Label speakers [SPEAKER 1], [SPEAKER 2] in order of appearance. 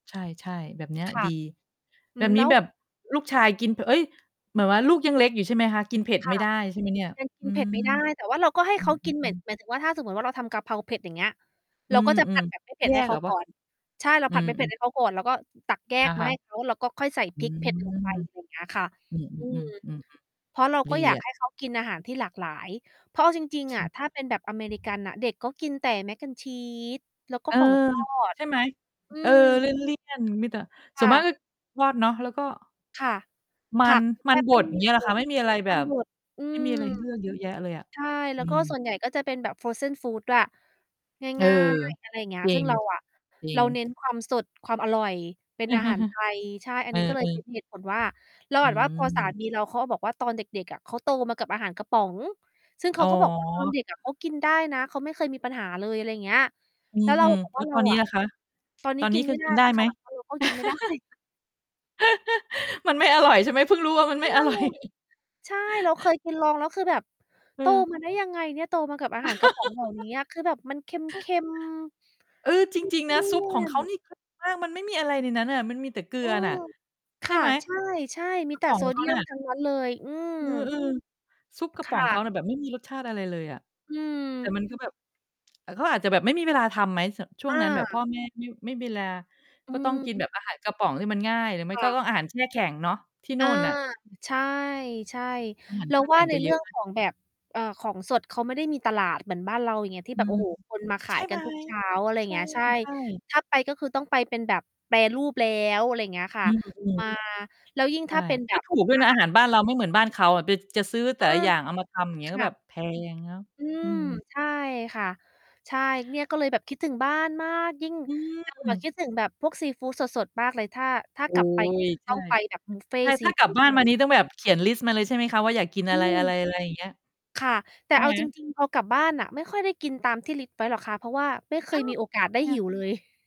[SPEAKER 1] ใช่ ๆ แบบเนี้ย
[SPEAKER 2] ค่
[SPEAKER 1] ด
[SPEAKER 2] ะ
[SPEAKER 1] ี
[SPEAKER 2] อ
[SPEAKER 1] แ
[SPEAKER 2] ื
[SPEAKER 1] บ
[SPEAKER 2] ม
[SPEAKER 1] บ
[SPEAKER 2] แ
[SPEAKER 1] น
[SPEAKER 2] ล
[SPEAKER 1] ี
[SPEAKER 2] ้
[SPEAKER 1] ้
[SPEAKER 2] ว
[SPEAKER 1] แบบลูกชายกิน พ เอ๊ย! แบบว่าลูกยังเล็กอยู่ใช่ไหมคะ? กินเผ็ด
[SPEAKER 2] ค
[SPEAKER 1] ไม
[SPEAKER 2] ่
[SPEAKER 1] ่
[SPEAKER 2] ะ
[SPEAKER 1] ได้ ใช่ไหมเนี่ย?
[SPEAKER 2] ยังกิ
[SPEAKER 1] อื
[SPEAKER 2] นเผ็ดไม่ไ
[SPEAKER 1] ม
[SPEAKER 2] ด้ แต่ว่าเราก็ให้
[SPEAKER 1] อื
[SPEAKER 2] เขากิน เหม็ด
[SPEAKER 1] ม ๆ ๆ
[SPEAKER 2] หมายถึงว่าถ้าสมมุติว่าเราทำกะเพราเผ็ด อย่างเงี้ย
[SPEAKER 1] อ
[SPEAKER 2] เ
[SPEAKER 1] ื
[SPEAKER 2] ราก็จะ ผั
[SPEAKER 1] ม
[SPEAKER 2] ดแบบไม่เผ
[SPEAKER 1] ๆ
[SPEAKER 2] ็
[SPEAKER 1] แย
[SPEAKER 2] ด
[SPEAKER 1] ่
[SPEAKER 2] ให้เ
[SPEAKER 1] เ
[SPEAKER 2] ข
[SPEAKER 1] หร
[SPEAKER 2] า
[SPEAKER 1] อว
[SPEAKER 2] ก
[SPEAKER 1] ะ?
[SPEAKER 2] ่อน ใช่ เรา
[SPEAKER 1] อื
[SPEAKER 2] ผัด
[SPEAKER 1] ม
[SPEAKER 2] ไม่เผ็ด
[SPEAKER 1] ๆ
[SPEAKER 2] ให้เขาก่อน แล้วก็ตักแย
[SPEAKER 1] อะ
[SPEAKER 2] กม
[SPEAKER 1] ฮ
[SPEAKER 2] า
[SPEAKER 1] ะ
[SPEAKER 2] ให้เขา แล้วก็ค่อยใส่
[SPEAKER 1] อื
[SPEAKER 2] พริก
[SPEAKER 1] ม
[SPEAKER 2] เผ็ดลงไป อย่างเงี้ย ค่ะ
[SPEAKER 1] อ
[SPEAKER 2] อื
[SPEAKER 1] ื
[SPEAKER 2] ม
[SPEAKER 1] ม ๆ
[SPEAKER 2] เพรา
[SPEAKER 1] ๆ
[SPEAKER 2] ะเรา
[SPEAKER 1] ๆ ๆ
[SPEAKER 2] ก
[SPEAKER 1] ด
[SPEAKER 2] ็
[SPEAKER 1] ี
[SPEAKER 2] อยาก
[SPEAKER 1] อะ
[SPEAKER 2] ให้เขากินอาหารที่หลากหลาย เพราะเอาจริง ๆ อะ
[SPEAKER 1] ช
[SPEAKER 2] ถ้าเป็นแบบอเมริกันน่ะ เด็กก็กินแต่ Mac and Cheese แล้วก็
[SPEAKER 1] เออ
[SPEAKER 2] ของทอด
[SPEAKER 1] ใช่ไหม
[SPEAKER 2] อื
[SPEAKER 1] เออ
[SPEAKER 2] ม
[SPEAKER 1] เลี่ยน ๆ มีแต่ ส
[SPEAKER 2] ค
[SPEAKER 1] ่ว
[SPEAKER 2] ่
[SPEAKER 1] นมาก
[SPEAKER 2] ะ
[SPEAKER 1] ก็รอดเนาะ แล้วก็
[SPEAKER 2] ค่ะ
[SPEAKER 1] ม
[SPEAKER 2] ผ
[SPEAKER 1] ั
[SPEAKER 2] ั
[SPEAKER 1] น
[SPEAKER 2] ก แ
[SPEAKER 1] ม
[SPEAKER 2] ท
[SPEAKER 1] ัน
[SPEAKER 2] บ
[SPEAKER 1] บ
[SPEAKER 2] ไม่
[SPEAKER 1] ด อ
[SPEAKER 2] ม
[SPEAKER 1] ย่
[SPEAKER 2] ี
[SPEAKER 1] างเงี้ยเห
[SPEAKER 2] เ
[SPEAKER 1] ร
[SPEAKER 2] ล
[SPEAKER 1] อค
[SPEAKER 2] ย
[SPEAKER 1] ะ? ไม่มีอะไรแ
[SPEAKER 2] ม
[SPEAKER 1] บ
[SPEAKER 2] ัน
[SPEAKER 1] บ
[SPEAKER 2] บด อื
[SPEAKER 1] ไม่มี
[SPEAKER 2] ม
[SPEAKER 1] อะไรให้เลือกเยอะแยะเลยอะ
[SPEAKER 2] ใช่ แล
[SPEAKER 1] อ
[SPEAKER 2] ้
[SPEAKER 1] ื
[SPEAKER 2] วก็
[SPEAKER 1] ม
[SPEAKER 2] ส่วนใหญ่ก็จะเป็นแบบ frozen food ด้วย
[SPEAKER 1] เออ
[SPEAKER 2] ง่าย ๆ อะไร เงี้ย
[SPEAKER 1] จริ
[SPEAKER 2] ซึ่ง
[SPEAKER 1] ง
[SPEAKER 2] เราอะ
[SPEAKER 1] จริ
[SPEAKER 2] เร
[SPEAKER 1] ง
[SPEAKER 2] า เน้น ความสด ความอร่อย เป็นอาหาร ไทย ใช่ อั
[SPEAKER 1] เ
[SPEAKER 2] น
[SPEAKER 1] อ
[SPEAKER 2] นี้ ก็เล
[SPEAKER 1] อ
[SPEAKER 2] ยเป็
[SPEAKER 1] ๆ
[SPEAKER 2] นเหตุผล ว่า เรา
[SPEAKER 1] อ
[SPEAKER 2] แบบว่าพอสา
[SPEAKER 1] ืม
[SPEAKER 2] มีเราเขาบอกว่า ตอนเด็ก ๆ อะเขาโตมากับอาหารกระป๋อง ซึ่งเ
[SPEAKER 1] อ
[SPEAKER 2] ข
[SPEAKER 1] ๋
[SPEAKER 2] า
[SPEAKER 1] อ
[SPEAKER 2] ก็ บอกว่า "ตอนเด็กอะเขากินได้นะ เขาไม่เคยมีปัญหาเลย" อะไรเงี้ย
[SPEAKER 1] อื
[SPEAKER 2] แล้วเรา
[SPEAKER 1] ม
[SPEAKER 2] บอก
[SPEAKER 1] ๆ แ
[SPEAKER 2] ว
[SPEAKER 1] ล
[SPEAKER 2] ่
[SPEAKER 1] ้
[SPEAKER 2] า
[SPEAKER 1] ว
[SPEAKER 2] "เร
[SPEAKER 1] ต
[SPEAKER 2] า
[SPEAKER 1] อนนี้
[SPEAKER 2] อะ
[SPEAKER 1] ล่ะคะ
[SPEAKER 2] ตอนน
[SPEAKER 1] ต
[SPEAKER 2] ี้
[SPEAKER 1] อน
[SPEAKER 2] ก
[SPEAKER 1] นี
[SPEAKER 2] ิ
[SPEAKER 1] ้
[SPEAKER 2] น
[SPEAKER 1] ค
[SPEAKER 2] ไม
[SPEAKER 1] ือ
[SPEAKER 2] ่ได้
[SPEAKER 1] กินได
[SPEAKER 2] แ
[SPEAKER 1] ้
[SPEAKER 2] ล้ว
[SPEAKER 1] ไ
[SPEAKER 2] ค
[SPEAKER 1] หม?
[SPEAKER 2] ่ะ" เออ เพราะกิน ไม่ได้
[SPEAKER 1] มันไม่อร่อย ใช่ไหม เพิ่งรู้ว่า มัน
[SPEAKER 2] ใ
[SPEAKER 1] ไ
[SPEAKER 2] ช
[SPEAKER 1] ม่
[SPEAKER 2] ่
[SPEAKER 1] อร่อย
[SPEAKER 2] ใช่ เราเคยกิน ลองแล้ว คือแบบ
[SPEAKER 1] อื
[SPEAKER 2] โต
[SPEAKER 1] ม
[SPEAKER 2] มาได้ยังไงเนี่ย โตมากับอาหาร กระป๋องเหล่า เนี้ย คือแบบมันเค็ม
[SPEAKER 1] เออ
[SPEAKER 2] ๆ
[SPEAKER 1] จ
[SPEAKER 2] เลี
[SPEAKER 1] ริง ๆ นะ ซุป
[SPEAKER 2] ่
[SPEAKER 1] ขอ
[SPEAKER 2] ย
[SPEAKER 1] งเ
[SPEAKER 2] น
[SPEAKER 1] ขา
[SPEAKER 2] ๆ
[SPEAKER 1] นี่ คือ มันไม่มีอะไรในนั้นน่ะ มันมีแต่เกลื
[SPEAKER 2] อื
[SPEAKER 1] อน
[SPEAKER 2] ม
[SPEAKER 1] ่ะ
[SPEAKER 2] ค
[SPEAKER 1] ใช่
[SPEAKER 2] ่ะ
[SPEAKER 1] ไหม
[SPEAKER 2] ใช่
[SPEAKER 1] ซุป
[SPEAKER 2] ๆ มี
[SPEAKER 1] กระ
[SPEAKER 2] แต่
[SPEAKER 1] ป๋อ
[SPEAKER 2] โซ
[SPEAKER 1] งเ
[SPEAKER 2] เ
[SPEAKER 1] ข
[SPEAKER 2] ดี
[SPEAKER 1] า
[SPEAKER 2] ย
[SPEAKER 1] น่
[SPEAKER 2] ม
[SPEAKER 1] ะ
[SPEAKER 2] ทั้งนั้น เลย อืม
[SPEAKER 1] อือ ๆ ซุปกระ
[SPEAKER 2] ค
[SPEAKER 1] ป๋อ
[SPEAKER 2] ่
[SPEAKER 1] งเขา
[SPEAKER 2] ะ
[SPEAKER 1] น่ะ แบบไม่มี รสชาติอะไรเลยอะ
[SPEAKER 2] อื
[SPEAKER 1] แต่มันก
[SPEAKER 2] ม
[SPEAKER 1] ็แบบ เอ่อ เขาอาจจะแบบไม่มีเวลาทำไหม? ส ช่ว
[SPEAKER 2] อ
[SPEAKER 1] งนั้นแบบ พ
[SPEAKER 2] า
[SPEAKER 1] ่อแม่ ไม่ ไม่ เวลา
[SPEAKER 2] อื
[SPEAKER 1] ก็ต้องกิน
[SPEAKER 2] ม
[SPEAKER 1] แบบ อาหาร กระป๋องที่มันง่าย หรือไม่
[SPEAKER 2] ค่
[SPEAKER 1] ก็
[SPEAKER 2] ะ
[SPEAKER 1] ต้องอาหารแช่แข็งเนาะ ที่
[SPEAKER 2] อ
[SPEAKER 1] นู
[SPEAKER 2] า
[SPEAKER 1] ่นน่ะ
[SPEAKER 2] ใช่
[SPEAKER 1] อาหาร
[SPEAKER 2] ๆ เร
[SPEAKER 1] แ
[SPEAKER 2] า
[SPEAKER 1] ช่
[SPEAKER 2] ว
[SPEAKER 1] แข
[SPEAKER 2] ่า
[SPEAKER 1] ็ง
[SPEAKER 2] ใน
[SPEAKER 1] จะเ
[SPEAKER 2] เ
[SPEAKER 1] ย
[SPEAKER 2] รื
[SPEAKER 1] อ
[SPEAKER 2] ่
[SPEAKER 1] ะ
[SPEAKER 2] อ
[SPEAKER 1] ไ
[SPEAKER 2] ง
[SPEAKER 1] หม?
[SPEAKER 2] ของ แบบ เอ่อ ของสดเขาไม่ได้มีตลาดเหมือนบ้านเรา อย่างเงี้ย ที
[SPEAKER 1] อ
[SPEAKER 2] ่
[SPEAKER 1] ื
[SPEAKER 2] แบบ โอ
[SPEAKER 1] ม
[SPEAKER 2] ้โฮ คนมาข
[SPEAKER 1] ใช
[SPEAKER 2] าย
[SPEAKER 1] ่ไ
[SPEAKER 2] ก
[SPEAKER 1] ห
[SPEAKER 2] ั
[SPEAKER 1] ม
[SPEAKER 2] นทุก เช้า อะไร
[SPEAKER 1] ใ
[SPEAKER 2] เงี้ย ใช่
[SPEAKER 1] ช่ ๆ
[SPEAKER 2] ถ้าไป ก็คือต้องไปเป็นแบบแปรรูปแล้ว อะไรเงี้ยค่
[SPEAKER 1] อ
[SPEAKER 2] ะ
[SPEAKER 1] ื
[SPEAKER 2] ม
[SPEAKER 1] ม ๆ
[SPEAKER 2] า แล้วยิ่ง
[SPEAKER 1] ใช
[SPEAKER 2] ถ
[SPEAKER 1] ่
[SPEAKER 2] ้าเป็น แ
[SPEAKER 1] ก
[SPEAKER 2] บ
[SPEAKER 1] ็
[SPEAKER 2] บ
[SPEAKER 1] ถูก
[SPEAKER 2] อ
[SPEAKER 1] ด้วยน
[SPEAKER 2] า
[SPEAKER 1] ะ
[SPEAKER 2] ห
[SPEAKER 1] อ
[SPEAKER 2] า
[SPEAKER 1] า
[SPEAKER 2] ร
[SPEAKER 1] หารบ้านเราไม่เหมือนบ้านเขาอะ ไป จะซื้อแต
[SPEAKER 2] เอ
[SPEAKER 1] ่
[SPEAKER 2] อ
[SPEAKER 1] ละอย่างเอามาทำ อย่างเงี
[SPEAKER 2] ค
[SPEAKER 1] ้ย ก็
[SPEAKER 2] ่
[SPEAKER 1] แบ
[SPEAKER 2] ะ
[SPEAKER 1] บแพงเนาะ
[SPEAKER 2] อื
[SPEAKER 1] อื
[SPEAKER 2] ม
[SPEAKER 1] ม
[SPEAKER 2] ใช่ค่ะ ใช่ เนี่ยก็เลยแบบคิดถึงบ้านมาก ยิ่ง
[SPEAKER 1] อ
[SPEAKER 2] เรา
[SPEAKER 1] ื
[SPEAKER 2] อะ
[SPEAKER 1] ม
[SPEAKER 2] คิดถึงแบบพวกซีฟูดสด ๆ มากเลย ถ้า ถ้า
[SPEAKER 1] โอ้
[SPEAKER 2] กลับ ไปนี่
[SPEAKER 1] ย
[SPEAKER 2] คือ
[SPEAKER 1] ใช
[SPEAKER 2] ต้
[SPEAKER 1] ่
[SPEAKER 2] องไปแบบบุฟเฟ
[SPEAKER 1] ใช
[SPEAKER 2] ต
[SPEAKER 1] ่
[SPEAKER 2] ์ซ
[SPEAKER 1] ถ
[SPEAKER 2] ี
[SPEAKER 1] ้ากล
[SPEAKER 2] ฟ
[SPEAKER 1] ั
[SPEAKER 2] ู
[SPEAKER 1] บ
[SPEAKER 2] ด
[SPEAKER 1] บ้าน
[SPEAKER 2] เล
[SPEAKER 1] มา
[SPEAKER 2] ย
[SPEAKER 1] นี่ ต้องแบบเขียนลิสต์มาเลย ใช่ไหมคะ ว่าอยากกิน
[SPEAKER 2] อ
[SPEAKER 1] อ
[SPEAKER 2] ื
[SPEAKER 1] ะไร ๆ อะไร
[SPEAKER 2] ม
[SPEAKER 1] อย่างเงี้ย
[SPEAKER 2] ค่ะ แต่
[SPEAKER 1] ใช่
[SPEAKER 2] เอา
[SPEAKER 1] ไหม?
[SPEAKER 2] จริง ๆ พอกลับบ้านน่ะไม่ค่อยได้กินตาม ที่ลิสต์ ไว้หรอกคะ เพราะว่าไม่เค
[SPEAKER 1] อ้
[SPEAKER 2] ย
[SPEAKER 1] าว
[SPEAKER 2] มีโอกา
[SPEAKER 1] ท
[SPEAKER 2] ส
[SPEAKER 1] ำไ
[SPEAKER 2] ไ
[SPEAKER 1] ม
[SPEAKER 2] ด้
[SPEAKER 1] อ
[SPEAKER 2] หิ
[SPEAKER 1] ะ?
[SPEAKER 2] วเลย